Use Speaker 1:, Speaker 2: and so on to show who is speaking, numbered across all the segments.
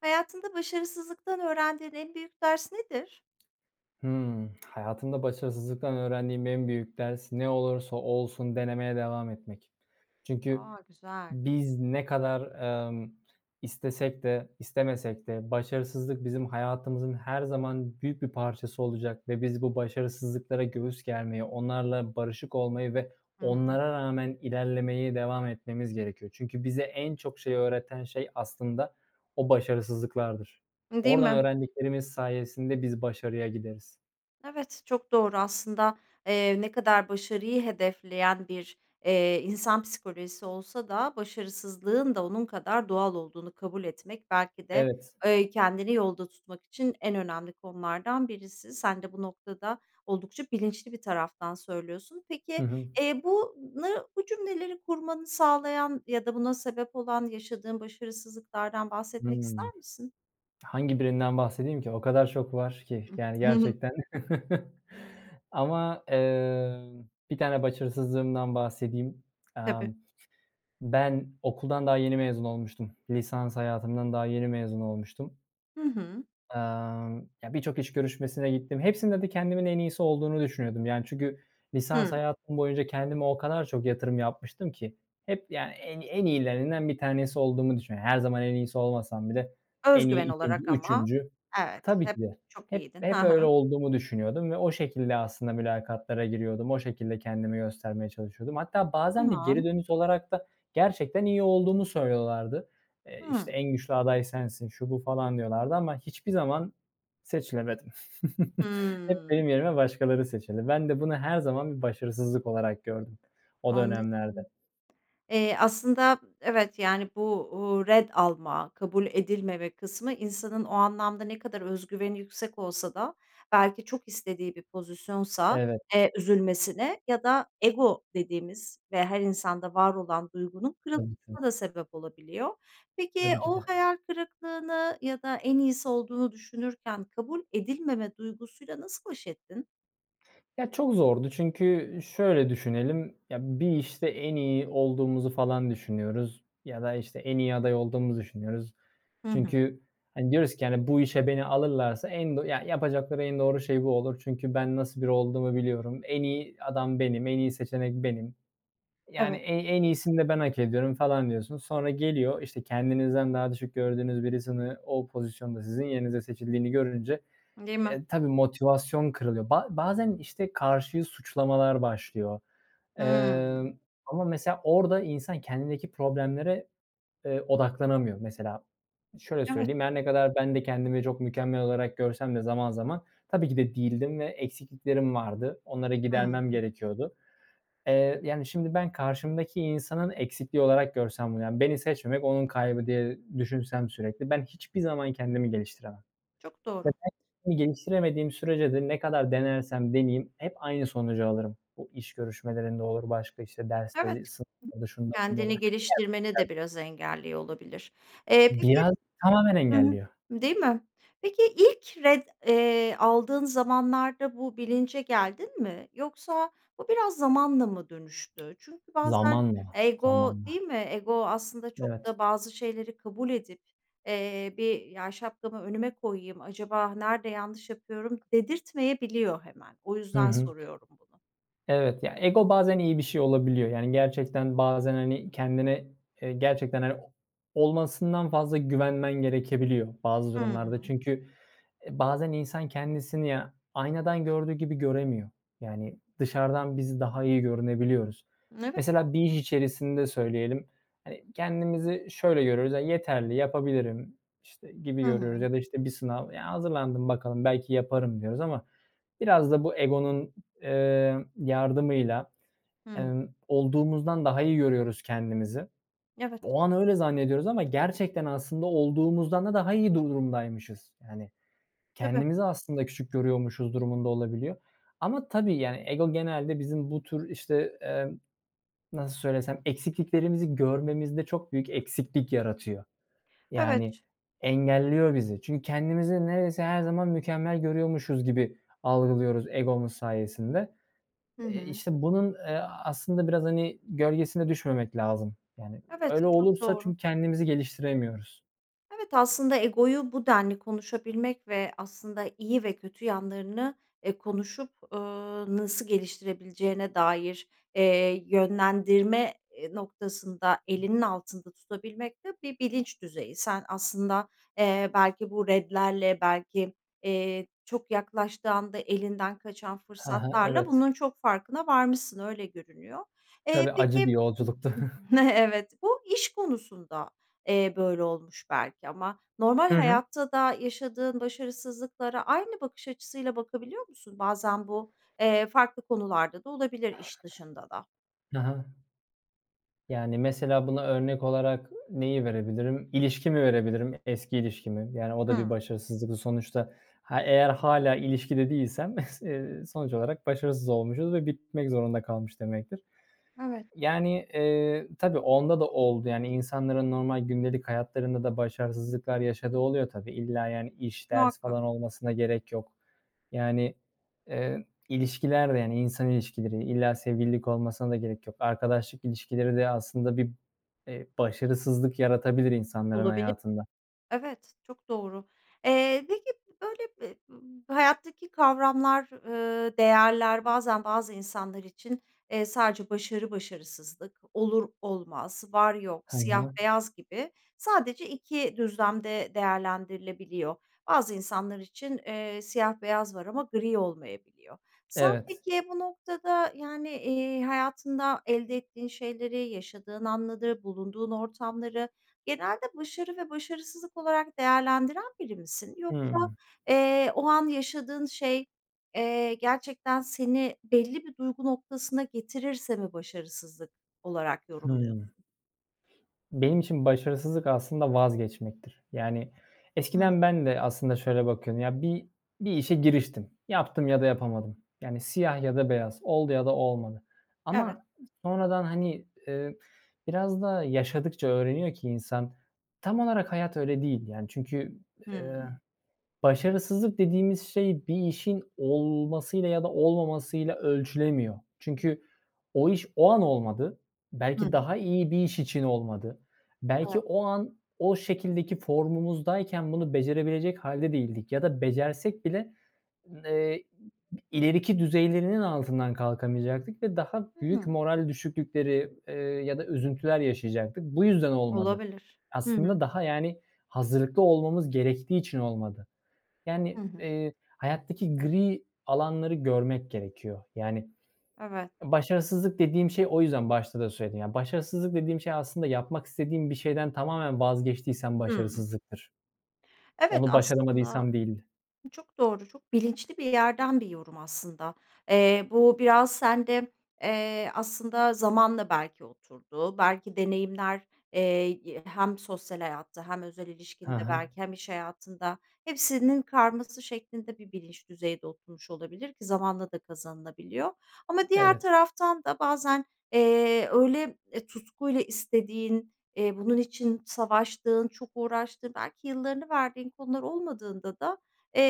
Speaker 1: Hayatında başarısızlıktan öğrendiğin en büyük ders nedir?
Speaker 2: Hımm. Hayatımda başarısızlıktan öğrendiğim en büyük ders ne olursa olsun denemeye devam etmek. Çünkü
Speaker 1: A! Güzel.
Speaker 2: biz ne kadar, emm, istesek de istemesek de başarısızlık bizim hayatımızın her zaman büyük bir parçası olacak ve biz bu başarısızlıklara göğüs germeyi, onlarla barışık olmayı ve
Speaker 1: Hı hı.
Speaker 2: onlara rağmen ilerlemeye devam etmemiz gerekiyor. Çünkü bize en çok şeyi öğreten şey, aslında o başarısızlıklardır.
Speaker 1: Değil
Speaker 2: Oradan
Speaker 1: mi?
Speaker 2: öğrendiklerimiz sayesinde biz başarıya gideriz.
Speaker 1: Evet, çok doğru aslında, eee, ne kadar başarıyı hedefleyen bir, eee, insan psikolojisi olsa da başarısızlığın da onun kadar doğal olduğunu kabul etmek belki de,
Speaker 2: Evet.
Speaker 1: eee, kendini yolda tutmak için en önemli konulardan birisi. Sen de bu noktada oldukça bilinçli bir taraftan söylüyorsun.
Speaker 2: Hı
Speaker 1: Peki,
Speaker 2: hı.
Speaker 1: eee, bunu bu cümleleri kurmanı sağlayan ya da buna sebep olan yaşadığın başarısızlıklardan bahsetmek
Speaker 2: Hımm.
Speaker 1: ister misin?
Speaker 2: Hangi birinden bahsedeyim ki? O kadar çok var ki. Yani,
Speaker 1: Hı hı.
Speaker 2: gerçekten ama, emm, 1 tane başarısızlığımdan bahsedeyim.
Speaker 1: Tabii.
Speaker 2: Emm, ben okuldan daha yeni mezun olmuştum. Lisans hayatımdan daha yeni mezun olmuştum.
Speaker 1: Hı hı.
Speaker 2: Emm, ya, birçok iş görüşmesine gittim. Hepsinde de kendimin en iyisi olduğunu düşünüyordum, yani, çünkü lisans
Speaker 1: Hıı.
Speaker 2: hayatım boyunca kendime o kadar çok yatırım yapmıştım ki hep, yani, en en iyilerinden bir tanesi olduğumu düşünüyo Her zaman en iyisi olmasam bile en
Speaker 1: Öz
Speaker 2: iyi
Speaker 1: güven
Speaker 2: 2’nci,
Speaker 1: olarak ama
Speaker 2: 3'üncü
Speaker 1: Evet.
Speaker 2: Tabii
Speaker 1: Hep
Speaker 2: ki de.
Speaker 1: çok
Speaker 2: Hep
Speaker 1: iyiydin.
Speaker 2: hep
Speaker 1: Ha
Speaker 2: öyle
Speaker 1: ha.
Speaker 2: olduğumu düşünüyordum ve o şekilde, aslında, mülakatlara giriyordum. O şekilde, kendimi göstermeye çalışıyordum. Hatta bazen de geri
Speaker 1: Tamam.
Speaker 2: dönüş olarak da gerçekten iyi olduğumu söylüyorlardı. Eee,
Speaker 1: Hıı.
Speaker 2: işte, en güçlü aday sensin, şu, bu, falan diyorlardı ama hiçbir zaman seçilemedim. Hep
Speaker 1: Hımm.
Speaker 2: benim yerime başkaları seçildi. Ben de bunu her zaman bir başarısızlık olarak gördüm, o
Speaker 1: Anladım.
Speaker 2: dönemlerde.
Speaker 1: Eee, aslında, evet, yani, bu, uuu, ret alma, kabul edilmeme kısmı insanın o anlamda ne kadar öz güveni yüksek olsa da belki çok istediği bir pozisyonsa,
Speaker 2: Evet.
Speaker 1: eee, üzülmesine ya da "ego" dediğimiz ve her insanda var olan duygunun
Speaker 2: Tabii, tabii.
Speaker 1: kırılmasına da sebep olabiliyor. Peki,
Speaker 2: Tabii ki
Speaker 1: o
Speaker 2: de.
Speaker 1: hayal kırıklığını ya da en iyisi olduğunu düşünürken kabul edilmeme duygusuyla nasıl baş ettin?
Speaker 2: Ya, çok zordu çünkü şöyle düşünelim, ya, bir işte en iyi olduğumuzu falan düşünüyoruz ya da, işte, en iyi aday olduğumu düşünüyoruz.
Speaker 1: Hı hı.
Speaker 2: Çünkü, hani, diyoruz ki, hani, bu işe beni alırlarsa en do ya yapacakları en doğru şey bu olur. Çünkü ben nasıl biri olduğumu biliyorum. En iyi adam benim, en iyi seçenek benim. Yani, e
Speaker 1: Evet.
Speaker 2: en iyisini de ben hak ediyorum falan diyorsun. Sonra geliyor. İşte, kendinizden daha düşük gördüğünüz birisini o pozisyonda sizin yerinize seçildiğini görünce,
Speaker 1: Değil mi?
Speaker 2: eee, tabii, motivasyon kırılıyor. Ba bazen, işte, karşıyı suçlamalar başlıyor.
Speaker 1: Hıı.
Speaker 2: Emm, ama mesela orada insan kendindeki problemlere, eee, odaklanamıyor. Mesela, şöyle
Speaker 1: Evet.
Speaker 2: söyleyeyim, her ne kadar ben de kendimi çok mükemmel olarak görsem de zaman zaman tabii ki de değildim ve eksikliklerim vardı. Onları
Speaker 1: Hıı.
Speaker 2: gidermem gerekiyordu. Eee, yani, şimdi ben karşımdaki insanın eksikliği olarak görsem bunu, beni seçmemek onun kaybı diye düşünsem sürekli ben hiçbir zaman kendimi geliştiremem
Speaker 1: Çok doğru.
Speaker 2: [unintelligible] geliştiremediğim sürece de ne kadar denersem deneyeyim hep aynı sonucu alırım. O iş görüşmelerinde olur, başka, işte,
Speaker 1: Evet.
Speaker 2: dersleri [unintelligible] şunda, bunda olur.
Speaker 1: Kendini geliştirmeni de
Speaker 2: [unintelligible]
Speaker 1: biraz engelliyor olabilir. Eee, peki
Speaker 2: Biraz tamamen
Speaker 1: hı
Speaker 2: engelliyor.
Speaker 1: değil mi? Peki, ilk ret, eee, aldığın zamanlarda bu bilince geldin mi yoksa bu biraz zamanla mı dönüştü? Çünkü bazen
Speaker 2: Zamanla,
Speaker 1: ego
Speaker 2: zamanla.
Speaker 1: değil mi? Ego aslında çok
Speaker 2: Evet.
Speaker 1: da bazı şeyleri kabul edip, eee, bir "Ya, şapkamı önüme koyayım, acaba nerede yanlış yapıyorum?" dedirtmeyebiliyor hemen. O
Speaker 2: Hı
Speaker 1: yüzden
Speaker 2: hı.
Speaker 1: soruyorum bunu.
Speaker 2: Evet, ya, ego bazen iyi bir şey olabiliyor. Yani, gerçekten bazen, hani, kendine, eee, gerçekten, hani, o olmasından fazla güvenmen gerekebiliyor bazı durumlarda.
Speaker 1: Hıı.
Speaker 2: Çünkü, eee, bazen insan kendisini ya, aynadan gördüğü gibi göremiyor, yani, dışarıdan biz daha iyi görünebiliyoruz.
Speaker 1: Evet.
Speaker 2: Mesela bir iş içerisinde söyleyelim. Hani, kendimizi şöyle görüyoruz, ya, yeterli yapabilirim, işte, gibi
Speaker 1: Hı
Speaker 2: görüyoruz
Speaker 1: hı.
Speaker 2: ya da, işte, bir sınav, ya, hazırlandım bakalım, belki yaparım diyoruz ama biraz da bu egonun, eee, yardımıyla,
Speaker 1: Hı hı.
Speaker 2: emm, olduğumuzdan daha iyi görüyoruz kendimizi.
Speaker 1: Evet.
Speaker 2: O an öyle zannediyoruz ama gerçekten aslında olduğumuzdan da daha iyi durumdaymışız. Yani,
Speaker 1: Tabii.
Speaker 2: kendimizi aslında küçük görüyormuşuz durumunda olabiliyor ama tabii, yani, ego genelde bizim bu tür, işte, emm, nasıl söylesem, eksikliklerimizi görmemizde çok büyük eksiklik yaratıyor. Yani,
Speaker 1: Evet.
Speaker 2: engelliyor bizi. Çünkü kendimizi neredeyse her zaman mükemmel görüyormuşuz gibi algılıyoruz egomuz sayesinde.
Speaker 1: Hı
Speaker 2: Eee,
Speaker 1: hı.
Speaker 2: işte, bunun, eee, aslında biraz, hani, gölgesine düşmemek lazım. Yani,
Speaker 1: Evet,
Speaker 2: öyle
Speaker 1: çok
Speaker 2: olursa
Speaker 1: doğru.
Speaker 2: çünkü kendimizi geliştiremiyoruz.
Speaker 1: Evet, aslında egoyu bu denli konuşabilmek ve aslında iyi ve kötü yanlarını, eee, konuşup, ııı, nasıl geliştirebileceğine dair, eee, yönlendirme i noktasında elinin altında tutabilmek de bir bilinç düzeyi. Sen aslında, eee, belki bu retlerle, belki, iii, çok yaklaştığı anda elinden kaçan
Speaker 2: Hı hı,
Speaker 1: fırsatlarla
Speaker 2: evet.
Speaker 1: bunun çok farkına varmışsın öyle görünüyor. Eee,
Speaker 2: Tabii acı bir
Speaker 1: peki.
Speaker 2: yolculuktu.
Speaker 1: Evet. Bu iş konusunda, eee, böyle olmuş belki ama normal
Speaker 2: Hı hı.
Speaker 1: hayatta da yaşadığın başarısızlıklara aynı bakış açısıyla bakabiliyor musun? Bazen bu, eee, farklı konularda da olabilir iş dışında da.
Speaker 2: Hı hı. Yani, mesela buna örnek olarak neyi verebilirim? İlişkimi verebilirim, eski ilişkimi. Yani, o da bir
Speaker 1: Hıı.
Speaker 2: başarısızlık. Sonuçta, ha, eğer hâlâ ilişkide değilsem sonuç olarak başarısız olmuşuz ve bitmek zorunda kalmış demektir.
Speaker 1: Evet.
Speaker 2: Yani, eee, tabii onda da oldu. Yani, insanların normal gündelik hayatlarında da başarısızlıklar yaşadığı oluyor tabii. İlla, yani, iş, ders
Speaker 1: Muhakkak.
Speaker 2: falan olmasına gerek yok. Yani, eee, ilişkiler de, hani, insan ilişkileri, illa sevgililik olmasına da gerek yok. Arkadaşlık ilişkileri de aslında bir, eee, başarısızlık yaratabilir insanların
Speaker 1: Olabilir.
Speaker 2: hayatında.
Speaker 1: Evet, çok doğru. Eee, peki b böyle b bu hayattaki kavramlar, ııı, değerler bazen bazı insanlar için, eee, sadece başarı-başarısızlık, olur-olmaz, var-yok,
Speaker 2: Hı
Speaker 1: siyah
Speaker 2: hı.
Speaker 1: beyaz gibi sadece 2 düzlemde değerlendirilebiliyor. Bazı insanlar için, eee, siyah beyaz var ama gri olmayabiliyor. Sen
Speaker 2: Evet.
Speaker 1: peki bu noktada, yani, iii, hayatında elde ettiğin şeyleri, yaşadığın anları, bulunduğun ortamları genelde başarı ve başarısızlık olarak değerlendiren biri misin yoksa,
Speaker 2: Hımm.
Speaker 1: eee, o an yaşadığın şey, eee, gerçekten seni belli bir duygu noktasına getirirse mi başarısızlık olarak
Speaker 2: Hımm.
Speaker 1: yorumluyorsun?
Speaker 2: Benim için başarısızlık aslında vazgeçmektir. Yani,
Speaker 1: Hıı.
Speaker 2: eskiden ben de aslında şöyle bakıyordum. Ya bir bir işe giriştim. Yaptım ya da yapamadım. Yani, siyah ya da beyaz. Oldu ya da olmadı
Speaker 1: Evet.
Speaker 2: ama sonradan, hani, eee, biraz da yaşadıkça öğreniyor ki insan, tam olarak hayat öyle değil yani. Çünkü, eee,
Speaker 1: Hıı.
Speaker 2: "başarısızlık" dediğimiz şey bir işin olmasıyla ya da olmamasıyla ölçülemiyor. Çünkü o iş o an olmadı.
Speaker 1: Hı
Speaker 2: Belki daha
Speaker 1: hı.
Speaker 2: iyi bir iş için olmadı. Belki
Speaker 1: Evet.
Speaker 2: o an o şekildeki formumuzdayken bunu becerebilecek hâlde değildik ya da becersek bile, eee, i ileriki düzeylerinin altından kalkamayacaktık ve daha büyük
Speaker 1: Hıı.
Speaker 2: moral düşüklükleri, eee, ya da üzüntüler yaşayacaktık. Bu yüzden olmadı.
Speaker 1: Olabilir, hı
Speaker 2: Aslında
Speaker 1: hı.
Speaker 2: daha, yani, hazırlıklı olmamız gerektiği için olmadı.
Speaker 1: Hı
Speaker 2: Yani,
Speaker 1: hı.
Speaker 2: eee, hayattaki gri alanları görmek gerekiyor. Yani,
Speaker 1: Evet.
Speaker 2: başarısızlık dediğim şey o yüzden başta da söyledim. Ya başarısızlık dediğim şey aslında yapmak istediğim bir şeyden tamamen vazgeçtiysem
Speaker 1: Hıı.
Speaker 2: başarısızlıktır.
Speaker 1: Evet,
Speaker 2: Onu
Speaker 1: aslında
Speaker 2: başaramadıysam değildir.
Speaker 1: bu çok doğru, çok bilinçli bir yerden bir yorum aslında. Eee, bu biraz sende, eee, aslında zamanla belki oturdu, belki deneyimler, eee, i hem sosyal hayatta, hem özel
Speaker 2: Hı
Speaker 1: ilişkinde
Speaker 2: hı.
Speaker 1: belki hem iş hayatında... Hepsinin karması şeklinde bir bilinç düzeyde oturmuş olabilir ki zamanla da kazanılabiliyor ama diğer
Speaker 2: Evet.
Speaker 1: taraftan da bazen, eee, öyle, eee, tutkuyla istediğin, eee, bunun için savaştığın, çok uğraştığın belki yıllarını verdiğin konular olmadığında da,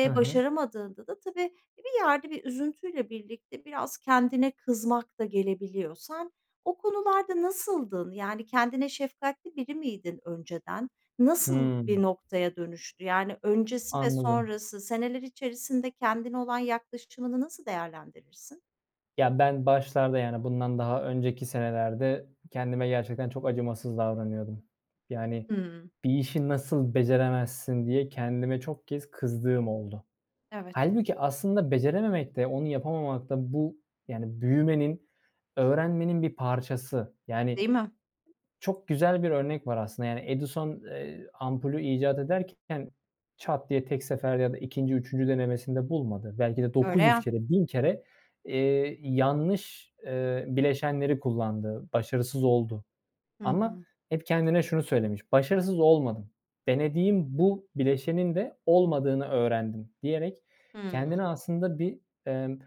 Speaker 2: Hı hı.
Speaker 1: başaramadığında da tabii bir yerde bir üzüntüyle birlikte biraz kendine kızmak da gelebiliyor. Sen o konularda nasıldın? Yani, kendine şefkatli biri miydin önceden? Nasıl bir
Speaker 2: Hımm.
Speaker 1: noktaya dönüştü? Yani, öncesi ve
Speaker 2: Anladım.
Speaker 1: sonrası seneler içerisinde kendine olan yaklaşımını nasıl değerlendirirsin?
Speaker 2: Ya, ben başlarda, yani, bundan daha önceki senelerde kendime gerçekten çok acımasız davranıyordum. Yani,
Speaker 1: Hıı.
Speaker 2: "Bir işi nasıl beceremezsin!" diye kendime çok kez kızdığım oldu.
Speaker 1: Evet.
Speaker 2: Hâlbuki aslında becerememek de, onu yapamamak da bu, yani, büyümenin, öğrenmenin bir parçası. Yani,
Speaker 1: Değil mi?
Speaker 2: çok güzel bir örnek var aslında, yani, Edison, eee, ampulü icat ederken çat diye tek seferde ya da 2'nci 3'üncü denemesinde bulmadı. Belki de
Speaker 1: Öyle
Speaker 2: 900
Speaker 1: ya.
Speaker 2: kere, 1000 kere, eee, yanlış, eee, bileşenleri kullandı, başarısız oldu
Speaker 1: Hı
Speaker 2: ama
Speaker 1: hı.
Speaker 2: hep kendine şunu söylemiş: “Başarısız olmadım, denediğim bu bileşenin de olmadığını öğrendim.” diyerek,
Speaker 1: Hıı.
Speaker 2: kendini aslında bir, ımm,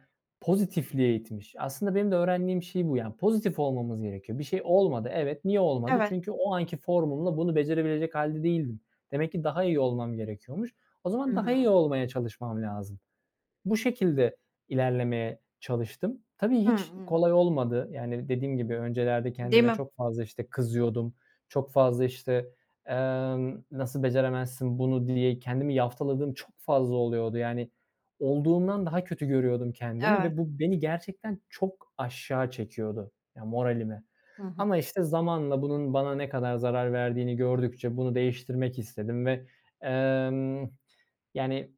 Speaker 2: pozitifliğe itmiş. Aslında benim de öğrendiğim şey bu, yani, pozitif olmamız gerekiyor. Bir şey olmadı, evet. Niye olmadı?
Speaker 1: Evet.
Speaker 2: Çünkü o anki formumla bunu becerebilecek hâlde değildim. Demek ki daha iyi olmam gerekiyormuş. O zaman
Speaker 1: Hı
Speaker 2: daha
Speaker 1: hı.
Speaker 2: iyi olmaya çalışmam lazım. Bu şekilde ilerlemeye çalıştım. Tabii,
Speaker 1: Hı
Speaker 2: hiç
Speaker 1: hı.
Speaker 2: kolay olmadı. Yani, dediğim gibi, öncelerde
Speaker 1: Değil
Speaker 2: kendime
Speaker 1: mi?
Speaker 2: çok fazla, işte, kızıyordum, çok fazla, işte, emm, nasıl beceremezsin bunu diye kendimi yaftaladığım çok fazla oluyordu. Yani, olduğumdan daha kötü görüyordum kendimi
Speaker 1: Evet.
Speaker 2: ve bu beni gerçekten çok aşağı çekiyordu, ya, moralimi
Speaker 1: Hı hı.
Speaker 2: ama, işte, zamanla bunun bana ne kadar zarar verdiğini gördükçe bunu değiştirmek istedim ve, emm, yani,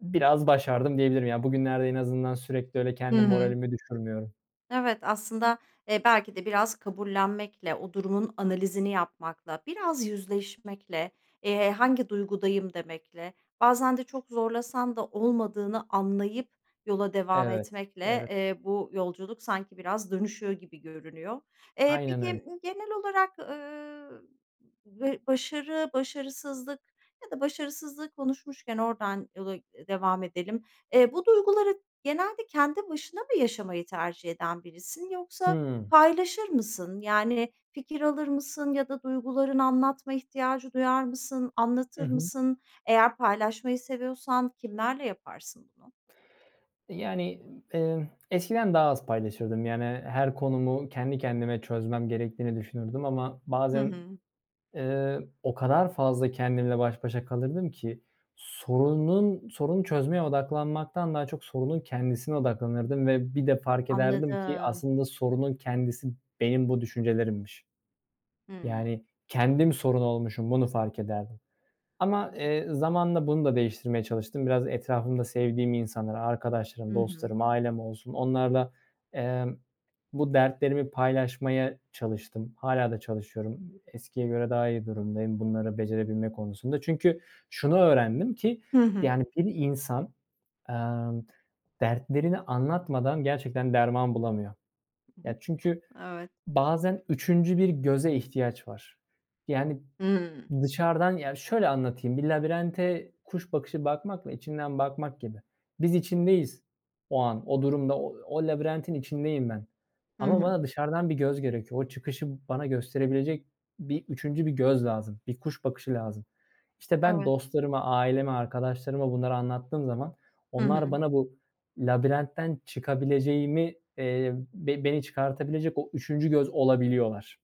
Speaker 2: biraz başardım diyebilirim. Yani, bugünlerde en azından sürekli öyle
Speaker 1: Hı
Speaker 2: kendi
Speaker 1: hı.
Speaker 2: moralimi düşürmüyorum.
Speaker 1: Evet, aslında, eee, belki de biraz kabullenmekle, o durumun analizini yapmakla, biraz yüzleşmekle, eee, "Hangi duygudayım?" demekle, bazen de çok zorlasan da olmadığını anlayıp yola devam
Speaker 2: Evet,
Speaker 1: etmekle,
Speaker 2: evet.
Speaker 1: eee, bu yolculuk sanki biraz dönüşüyor gibi görünüyor. Eee,
Speaker 2: Aynen öyle.
Speaker 1: peki, genel olarak, ııı, ve başarı, başarısızlık Ya da başarısızlığı konuşmuşken, oradan yola devam edelim: E, bu duyguları genelde kendi başına mı yaşamayı tercih eden birisin, yoksa
Speaker 2: Hıı.
Speaker 1: paylaşır mısın? Yani, fikir alır mısın ya da duygularını anlatma ihtiyacı duyar mısın,
Speaker 2: Hı
Speaker 1: anlatır
Speaker 2: hı.
Speaker 1: mısın? Eğer paylaşmayı seviyorsan kimlerle yaparsın bunu?
Speaker 2: E, yani, ımm, ııı, eskiden daha az paylaşırdım. Yani, her konumu kendi kendime çözmem gerektiğini düşünürdüm ama
Speaker 1: Hı
Speaker 2: bazen,
Speaker 1: hı.
Speaker 2: ııı, o kadar fazla kendimle baş başa kalırdım ki sorunun, sorunu çözmeye odaklanmaktan daha çok sorunun kendisine odaklanırdım ve bir de fark ederdim ki
Speaker 1: Anladım.
Speaker 2: aslında sorunun kendisi benim bu düşüncelerimmiş.
Speaker 1: Hıı.
Speaker 2: Yani, kendim sorun olmuşum, bunu fark ederdim ama, eee, zamanla bunu da değiştirmeye çalıştım. Biraz etrafımda sevdiğim insanlar, arkadaşlarım,
Speaker 1: Hı hı.
Speaker 2: dostlarım, ailem olsun, onlarla, eee, bu dertlerimi paylaşmaya çalıştım. Hâlâ da çalışıyorum, eskiye göre daha iyi durumdayım, bunları becerebilme konusunda. Çünkü şunu öğrendim ki,
Speaker 1: Hı hı.
Speaker 2: yani, bir insan, emm, dertlerini anlatmadan gerçekten derman bulamıyor. Ya, çünkü
Speaker 1: Evet.
Speaker 2: bazen 3'üncü bir göze ihtiyaç var. Yani,
Speaker 1: Hıı.
Speaker 2: dışarıdan, ya, şöyle anlatayım, bir labirente kuş bakışı bakmakla içinden bakmak gibi. Biz içindeyiz o an, o durumda, o o labirentin içindeyim ben
Speaker 1: Hı
Speaker 2: ama
Speaker 1: hı.
Speaker 2: bana dışarıdan bir göz gerekiyor. O çıkışı bana gösterebilecek bir 3'üncü bir göz lazım, bir kuş bakışı lazım. İşte, ben
Speaker 1: Evet.
Speaker 2: dostlarıma, aileme, arkadaşlarıma bunları anlattığım zaman
Speaker 1: Hı
Speaker 2: onlar
Speaker 1: hı.
Speaker 2: bana bu labirentten çıkabileceğimi, eee, ve beni çıkartabilecek o 3'üncü göz olabiliyorlar.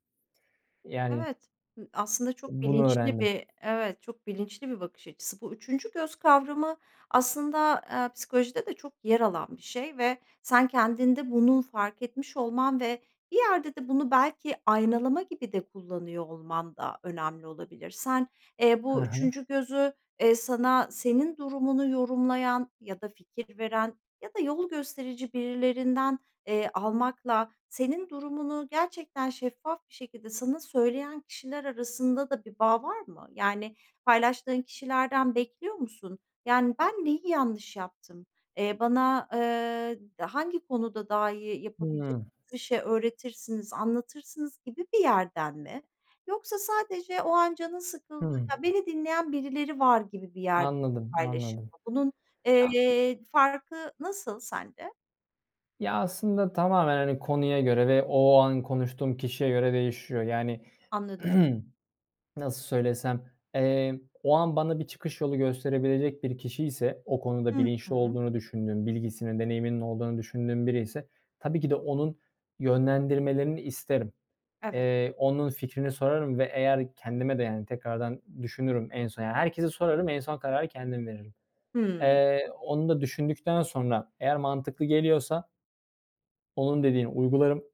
Speaker 2: Yani
Speaker 1: Evet, hı, aslında çok
Speaker 2: bunu
Speaker 1: bilinçli
Speaker 2: öğrendim.
Speaker 1: bir, evet, çok bilinçli bir bakış açısı. Bu 3'üncü göz kavramı aslında, eee, psikolojide de çok yer alan bir şey ve sen kendinde bunu fark etmiş olman ve bir yerde de bunu belki aynalama gibi de kullanıyor olman da önemli olabilir. Sen, eee,
Speaker 2: Hı hı.
Speaker 1: 3'üncü gözü, eee, sana senin durumunu yorumlayan ya da fikir veren ya da yol gösterici birilerinden, eee, almakla, senin durumunu gerçekten şeffaf bir şekilde sana söyleyen kişiler arasında da bir bağ var mı? Yani, paylaştığın kişilerden bekliyor musun? Yani, "Ben neyi yanlış yaptım? Eee, bana, eee, hangi konuda daha iyi yapabilecek
Speaker 2: Hıı.
Speaker 1: bir şey öğretirsiniz, anlatırsınız?" gibi bir yerden mi? Yoksa sadece o an canın sıkıldı,
Speaker 2: Hı.
Speaker 1: "Ya, beni dinleyen birileri var." gibi bir yerden
Speaker 2: Anladım,
Speaker 1: paylaşım
Speaker 2: anladım.
Speaker 1: mı? Bunun,
Speaker 2: Ya
Speaker 1: eee, farkı nasıl sende?
Speaker 2: Ya, aslında tamamen, hani, konuya, göre ve o an konuştuğum kişiye göre değişiyor. Yani,
Speaker 1: Anladım.
Speaker 2: nasıl söylesem, eee, o an bana bir çıkış yolu gösterebilecek bir kişiyse, o konuda
Speaker 1: Hı
Speaker 2: bilinçli
Speaker 1: hı.
Speaker 2: olduğunu düşündüğüm, bilgisinin, deneyiminin olduğunu düşündüğüm biriyse tabii ki de onun yönlendirmelerini isterim.
Speaker 1: Evet.
Speaker 2: Eee, onun fikrini sorarım ve eğer kendime de, yani, tekrardan düşünürüm, en son, yani, herkese sorarım, en son kararı kendim veririm.
Speaker 1: Hıı.
Speaker 2: Eee, onu da düşündükten sonra eğer mantıklı geliyorsa onun dediğini uygularım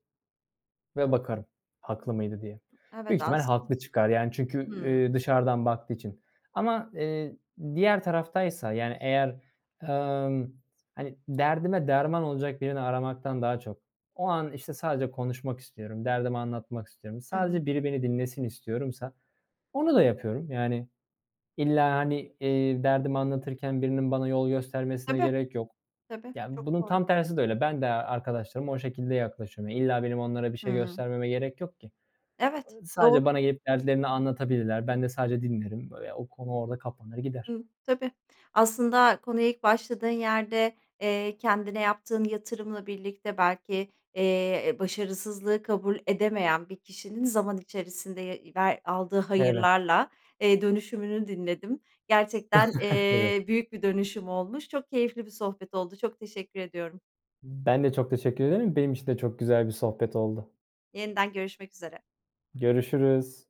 Speaker 2: ve bakarım haklı mıydı diye.
Speaker 1: Evet,
Speaker 2: Büyük ihtimal
Speaker 1: aslın
Speaker 2: haklı çıkar, yani, çünkü,
Speaker 1: hıı.
Speaker 2: ııı, dışarıdan baktığı için ama, eee, diğer taraftaysa, yani, eğer, emm, hani, derdime derman olacak birini aramaktan daha çok, o an, işte, sadece konuşmak istiyorum, derdimi anlatmak istiyorum,
Speaker 1: Hı hı.
Speaker 2: sadece biri beni dinlesin istiyorsam onu da yapıyorum. Yani, illa, hani, eee, derdimi anlatırken birinin bana yol göstermesine
Speaker 1: Tabii.
Speaker 2: gerek yok.
Speaker 1: Tabii,
Speaker 2: Yani,
Speaker 1: çok
Speaker 2: bunun
Speaker 1: doğru.
Speaker 2: tam tersi de öyle. Ben de arkadaşlarıma o şekilde yaklaşıyorum. Ya, illa benim onlara bir şey
Speaker 1: Hıı.
Speaker 2: göstermeme gerek yok ki.
Speaker 1: Evet,
Speaker 2: Iıı,
Speaker 1: doğru.
Speaker 2: sadece bana gelip dertlerini anlatabilirler. Ben de sadece dinlerim. Eee, o konu orada kapanır, gider.
Speaker 1: Hıı, tabii. Aslında, konuya ilk başladığın yerde, eee, kendine yaptığın yatırımla birlikte belki, eee, başarısızlığı kabul edemeyen bir kişinin zaman içerisinde, ya ve aldığı
Speaker 2: Evet.
Speaker 1: hayırlarla, eee, dönüşümünü dinledim. Gerçekten,
Speaker 2: Evet.
Speaker 1: eee, büyük bir dönüşüm olmuş. Çok keyifli bir sohbet oldu, çok teşekkür ediyorum.
Speaker 2: Ben de çok teşekkür ederim. Benim için de çok güzel bir sohbet oldu.
Speaker 1: Yeniden görüşmek üzere.
Speaker 2: Görüşürüz.